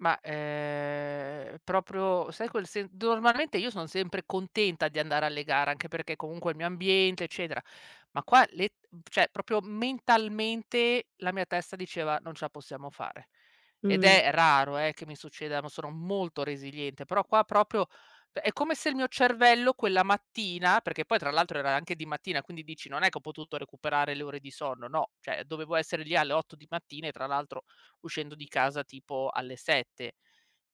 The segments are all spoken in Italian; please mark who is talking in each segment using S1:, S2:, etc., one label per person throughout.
S1: Ma, ehm, proprio sai quel sen d normalmente io sono sempre contenta di andare alle gare, anche perché comunque è il mio ambiente eccetera, ma qua le t cioè proprio mentalmente la mia testa diceva: "Non ce la possiamo fare". Ed
S2: Mh.
S1: è raro, eh, che mi succedano, sono molto resiliente, però qua proprio p è come se il mio cervello quella mattina, perché poi tra l'altro era anche di mattina, quindi dici, non è che ho potuto recuperare le ore di sonno, no, cioè dovevo essere lì alle 8 di mattina e tra l'altro uscendo di casa tipo alle 7.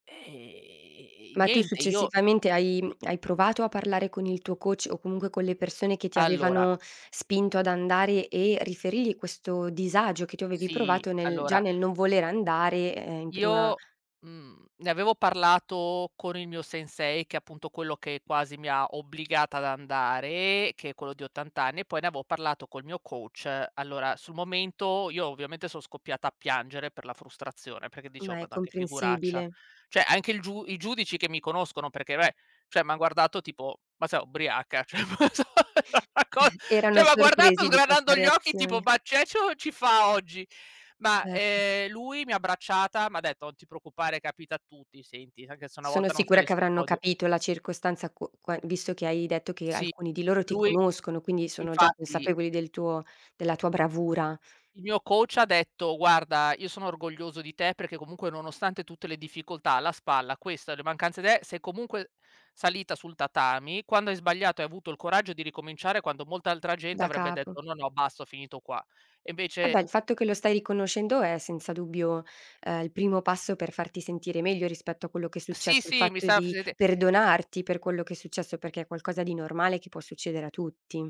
S1: E
S2: Ma tu
S1: niente io
S2: successivamente hai hai provato a parlare con il tuo coach o comunque con le persone che ti
S1: Allora
S2: avevano spinto ad andare e riferirgli questo disagio che tu avevi
S1: Sì,
S2: provato nel già
S1: allora
S2: nel non voler andare, ehm, in prima
S1: io, mhmm, ne avevo parlato con il mio sensei, che è appunto quello che quasi mi ha obbligata ad andare, che è quello di 80 anni, e poi ne avevo parlato col mio coach. Allora sul momento io ovviamente son scoppiata a piangere per la frustrazione perché dicevo:
S2: Ma
S1: "Ma
S2: è
S1: dai, che figuraccia".
S2: comprensibile.
S1: Cioè anche il giu i giudici che mi conoscono perché vabbè, cioè mi han guardato tipo, "ma sei ubriaca?" Cioè [unintelligible] era una co cioè
S2: Erano
S1: m'ha guardato
S2: sorpresi di questa
S1: sgranando gli occhi tipo,
S2: reazione.
S1: "ma c'è c o ci fa oggi?" Ma,
S2: Certo.
S1: ehm, lui mi ha abbracciata, m'ha detto: "Non ti preoccupare, capita a tutti, senti, anche se una
S2: Sono
S1: volta non
S2: sicura
S1: sali
S2: che
S1: sul
S2: avranno
S1: podio"
S2: capito la circostanza, q qua visto che hai detto che
S1: Sì.
S2: alcuni di loro ti
S1: Lui
S2: conoscono, quindi sono già
S1: infatti
S2: consapevoli del tuo della tua bravura.
S1: Il mio coach ha detto: "Guarda, io sono orgoglioso di te perché comunque nonostante tutte le difficoltà alla spalla, questa, le mancanze d eh, sei comunque salita sul tatami, quando hai sbagliato hai avuto il coraggio di ricominciare, quando molta altra gente
S2: Da
S1: avrebbe detto:
S2: capo.
S1: 'No, no, basta, ho finito qua'". E
S2: Eh
S1: invece
S2: beh, il fatto che lo stai riconoscendo è senza dubbio, ehm, il primo passo per farti sentire meglio rispetto a quello che è
S1: Sì,
S2: successo, il
S1: sì mi
S2: fatto
S1: sa
S2: di
S1: presente
S2: perdonarti per quello che è successo, perché è qualcosa di normale che può succedere a tutti.